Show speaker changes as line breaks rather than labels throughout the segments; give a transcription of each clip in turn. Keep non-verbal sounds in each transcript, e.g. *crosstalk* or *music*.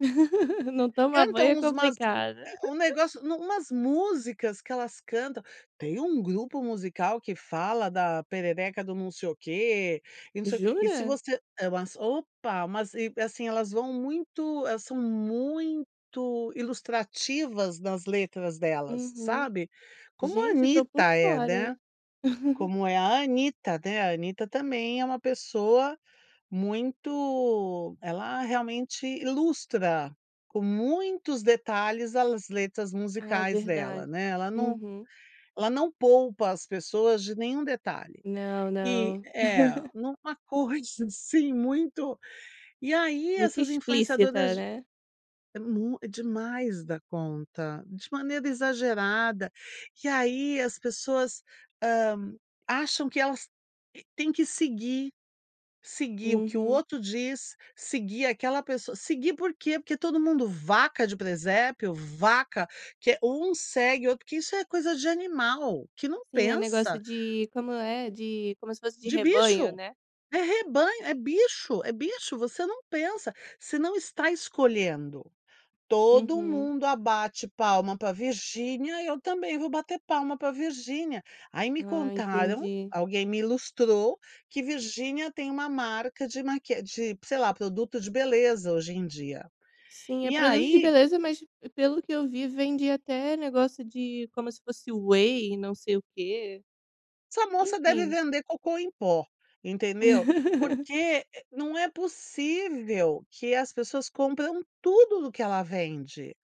*laughs* Não tomar banho
Cantam
é
usmas
complicado.
ah, um
*laughs*
negócio nu umas músicas que elas cantam. Tem um grupo musical que fala da perereca do não sei o quê, e não sei o e se
Jura?
você eh, lançou opa, mas e, assim, elas vão muito elas são muito ilustrativas nas letras delas,
Uhum.
sabe. Como a
Gente, estou por
Anitta é, né.
fora. *laughs*
Como é a Anitta, né, a Anitta também é uma pessoa muito ela realmente lustra com muitos detalhes as letras
Ah,
musicais dela,
verdade.
né. Ela não
Uhum.
ela não poupa as pessoas de nenhum detalhe.
Não,
E,
não.
eh,
*laughs*
em uma coisa assim muito. E aí
Muito
essas influenciadoras
explícita, né.
é mu é demais da conta, de maneira exagerada. E aí as pessoas, hã, acham que elas têm que seguir seguir o que o
Uhum.
outro diz, seguir aquela pessoa seguir por quê? Porque todo mundo vaca de presépio, vaca, que é um segue o outro, que isso é coisa de animal, que não
Sim, é negócio
pensa.
de como é? De como se fosse de
De
rebanho,
bicho.
né?
É rebanho, é bicho, é bicho, você não pensa, você não está escolhendo. "Todo
Uhum.
mundo abate palma para Virgínia, eu também vou bater palma para Virgínia". Aí me
Ah,
contaram,
entendi.
alguém me ilustrou, que Virginia tem uma marca de maqui de, sei lá, produto de beleza, hoje em dia.
Sim, é
E
produto de
aí
beleza, mas pelo que eu vi, vende até negócio de como se fosse whey, não sei o quê.
Essa moça deve
Enfim.
vender cocô em pó, entendeu.
*laughs*
Porque, eh, não é possível que as pessoas compram tudo do que ela vende.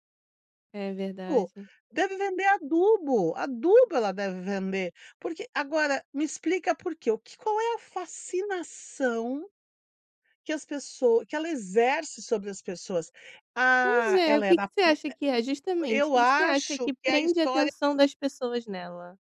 É
Oh,
verdade.
deve vender adubo, adubo ela deve vender, porque agora me explica por quê, o que qual é a fascinação que as pessoa que ela exerce sobre as pessoas?
Pois
"Ah,
é. O
ela é
que que
uma
você
pu"
acha que é, justamente,
eu
que que você acha
acho
que
que a
prende a
história
atenção das pessoas nela?